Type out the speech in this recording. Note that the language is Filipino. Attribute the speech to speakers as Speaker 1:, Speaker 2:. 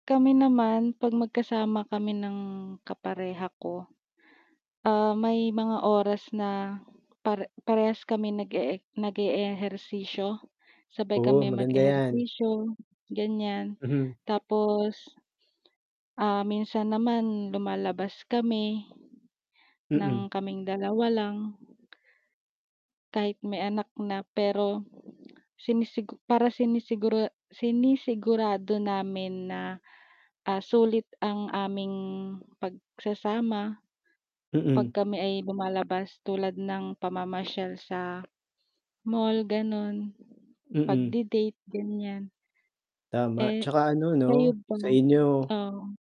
Speaker 1: Kami naman 'pag magkasama kami ng kapareha ko. Ah, may mga oras na pare parehas kami nag-ee nag-eehersisyo, sabay
Speaker 2: Oo,
Speaker 1: kami
Speaker 2: maganda yan.
Speaker 1: mag-ehersisyo, ganyan
Speaker 2: Mhm.
Speaker 1: tapos, ah, minsan naman lumalabas kami, ng
Speaker 2: Mm.
Speaker 1: kaming 2 lang kahit may anak na pero, sinisigu para sinisigura sinisigurado namin na, ah, sulit ang aming pagsasama 'pag
Speaker 2: Mm.
Speaker 1: kami ay lumalabas tulad ng pamamasyal sa mall ganun.
Speaker 2: Mm.
Speaker 1: Pagdi-date ganyan.
Speaker 2: Tama,
Speaker 1: Eh,
Speaker 2: tsaka ano
Speaker 1: kayo
Speaker 2: no
Speaker 1: ba?
Speaker 2: sa inyo
Speaker 1: Oo.